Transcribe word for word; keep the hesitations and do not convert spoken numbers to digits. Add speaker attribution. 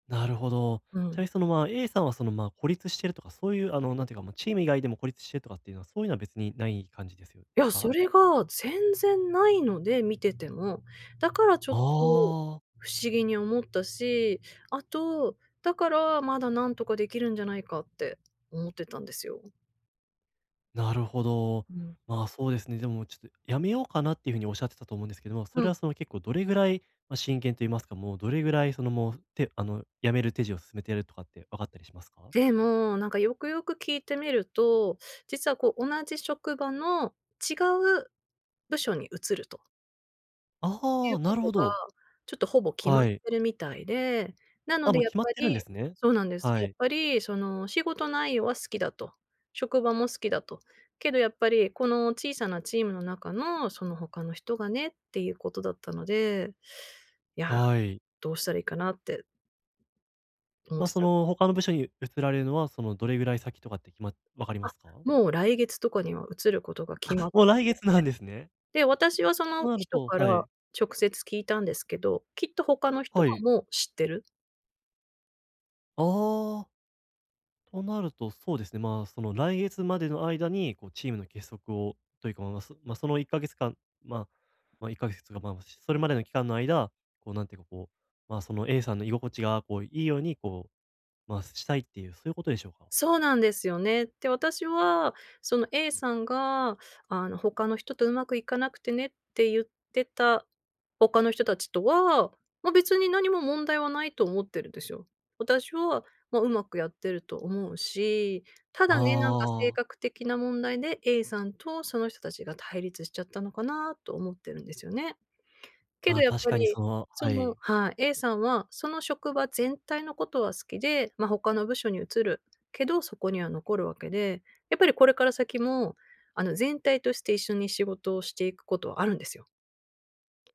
Speaker 1: なるほど。
Speaker 2: う
Speaker 1: ちなみ
Speaker 2: ん。
Speaker 1: にその、まあ、A さんはその、まあ、孤立してるとかそういう、あの、なんて言うか、まあ、チーム以外でも孤立してるとかっていうのは、そういうのは別にない感じです、よ、
Speaker 2: いやそ
Speaker 1: か？
Speaker 2: れが全然ないので見てても、だからちょっと
Speaker 1: ああ。
Speaker 2: 不思議に思ったし、あと、だから、まだ何とかできるんじゃないかって思ってたんですよ。
Speaker 1: なるほど。
Speaker 2: うん。
Speaker 1: まあ、そうですね、でもちょっと辞めようかなっていうふうに仰ってたと思うんですけども、そ
Speaker 2: う
Speaker 1: れ
Speaker 2: ん。
Speaker 1: はその結構どれぐらい、ま、真剣と言いますか、もうどれぐらいそのもう、てあの辞める手順を進めているとかって分かったりしますか？
Speaker 2: でも、なんかよくよく聞いてみると実は、こう、同じ職場の違う部署に移るとてい
Speaker 1: あ
Speaker 2: う
Speaker 1: あ、
Speaker 2: こ
Speaker 1: なる
Speaker 2: と
Speaker 1: ほ
Speaker 2: が
Speaker 1: ど。
Speaker 2: ちょっとほぼ、決まっ
Speaker 1: はい。
Speaker 2: てるみたいで、なの
Speaker 1: あ、
Speaker 2: で
Speaker 1: もう
Speaker 2: やっ
Speaker 1: 決まっ
Speaker 2: ぱ
Speaker 1: てるん
Speaker 2: り
Speaker 1: ですね。
Speaker 2: そうなんです、
Speaker 1: は
Speaker 2: やっ
Speaker 1: い。
Speaker 2: ぱりそのお仕事内容は好きだと、職場も好きだと、けどやっぱり「この小さなチームの中のその他の人がね」っていうことだったので、「いや、
Speaker 1: はい。
Speaker 2: どうしたらいいかな」って思っ
Speaker 1: まあ、
Speaker 2: て
Speaker 1: そ
Speaker 2: た。
Speaker 1: の他の部署に移られるのは、その、どれぐらい先とかって決ま分かり
Speaker 2: あ、
Speaker 1: ますか？
Speaker 2: もう来月とかには移ることが決ま
Speaker 1: あ、
Speaker 2: って
Speaker 1: もう来
Speaker 2: て、
Speaker 1: 月なんですね。
Speaker 2: で、私はそ
Speaker 1: と
Speaker 2: の
Speaker 1: なる
Speaker 2: 人
Speaker 1: と
Speaker 2: から
Speaker 1: はい。
Speaker 2: 直接聞いたんですけど、きっと他の人
Speaker 1: は
Speaker 2: は
Speaker 1: い。
Speaker 2: もう知ってる。
Speaker 1: ああ。となると、そうですね、まあ、その来月までの間に、こう、チームの結束をというか、まま、そ、ま、そのいっかげつかんまあ、ま、いっかげつつか、ま、ましす、それまでの期間の間、こう、なんていうか、こう、まあ、その A さんの居心地が、こう、いいように、こう、まあ、したいっていう、そういうことでしょうか？
Speaker 2: そうなんですよね。で、私はその A さんが、あの「他の人とうまくいかなくてね」って言ってた他の人たちとは、ま、別に何も問題はないと思ってるんですよ。私は、まあ、うまくやってると思うし。ただね、なんか性
Speaker 1: ああ。
Speaker 2: 格的な問題で A さんと、その人たちが対立しちゃったのかなと思ってるんですよね。け
Speaker 1: ま
Speaker 2: ど
Speaker 1: あ、
Speaker 2: やっ
Speaker 1: 確
Speaker 2: ぱ
Speaker 1: かに
Speaker 2: り
Speaker 1: その
Speaker 2: そ
Speaker 1: は
Speaker 2: の
Speaker 1: い。
Speaker 2: はい、A さんはその職場全体のことは好きで、まあ、他の部署に移るけど、そこには残るわけで、やっぱりこれから先も、あの、全体として一緒に仕事をしていくことはあるんですよ。